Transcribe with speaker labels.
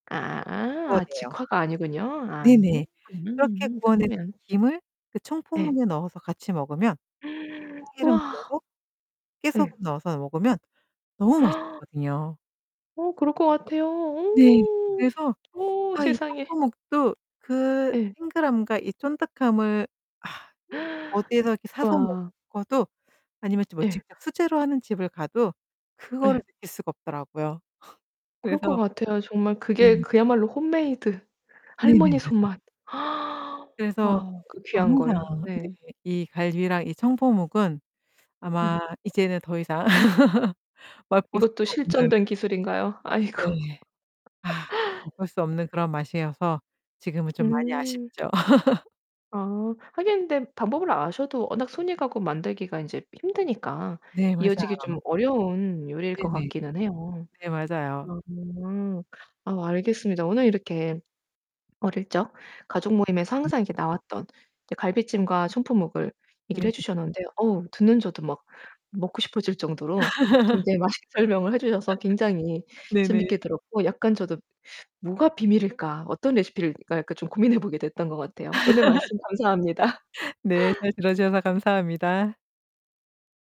Speaker 1: 네네.
Speaker 2: 아
Speaker 1: 구워내요.
Speaker 2: 직화가 아니군요. 아
Speaker 1: 네네. 그렇게
Speaker 2: 음
Speaker 1: 구워낸
Speaker 2: 그러면.
Speaker 1: 김을 그
Speaker 2: 예.
Speaker 1: 청포묵에 넣어서 같이 먹으면 참기름
Speaker 2: 와
Speaker 1: 둘러서
Speaker 2: 네.
Speaker 1: 깨소금 넣어서 먹으면 너무 맛있었거든요.
Speaker 2: 어 그럴 것 같아요.
Speaker 1: 네
Speaker 2: 어.
Speaker 1: 그래서
Speaker 2: 어
Speaker 1: 아 이
Speaker 2: 세상에.
Speaker 1: 청포묵도 그
Speaker 2: 예.
Speaker 1: 탱글함과 이 쫀득함을 아 어디에서 이렇게 사서
Speaker 2: 와.
Speaker 1: 먹어도 아니면 뭐
Speaker 2: 예.
Speaker 1: 직접 수제로 하는 집을 가도
Speaker 2: 예.
Speaker 1: 그거를 느낄 수가 없더라고요.
Speaker 2: 그럴 것
Speaker 1: 그래서
Speaker 2: 같아요. 정말 그게
Speaker 1: 네.
Speaker 2: 그야말로 홈메이드
Speaker 1: 네네.
Speaker 2: 할머니
Speaker 1: 맞아요.
Speaker 2: 손맛.
Speaker 1: 그래서
Speaker 2: 와 그 귀한 걸.
Speaker 1: 항상 네
Speaker 2: 예.
Speaker 1: 이 갈비랑 이 청포묵은 아마
Speaker 2: 음.
Speaker 1: 이제는 더 이상 맛볼
Speaker 2: 이것도
Speaker 1: 수가 없는
Speaker 2: 실전된 기술인가요? 아이고.
Speaker 1: 네. 아 어쩔 수 없는 그런 맛이어서 지금은 좀 많이
Speaker 2: 음.
Speaker 1: 아쉽죠.
Speaker 2: 아 하긴 근데 방법을 아셔도 워낙 손이 가고 만들기가 인제 힘드니까
Speaker 1: 네
Speaker 2: 이어지기 좀
Speaker 1: 맞아요.
Speaker 2: 어려운 요리일 것
Speaker 1: 네네.
Speaker 2: 같기는 해요.
Speaker 1: 네 맞아요.
Speaker 2: 음. 아 알겠습니다. 오늘 이렇게 어릴 적 가족 모임에서
Speaker 1: 네.
Speaker 2: 항상 이렇게 나왔던 이 갈비찜과 청포묵을 얘기를
Speaker 1: 네네.
Speaker 2: 해 주셨는데 어우 듣는 저도 막 먹고 싶어질 정도로 굉장히 맛있게 설명을 해 주셔서 굉장히
Speaker 1: 네네.
Speaker 2: 재밌게 들었고 약간 저도 '뭐가 비밀일까? 어떤 레시피일까?' 약간 좀 고민해 보게 됐던 것 같아요. 오늘 말씀 감사합니다.
Speaker 1: 네. 잘 들어 주셔서 감사합니다.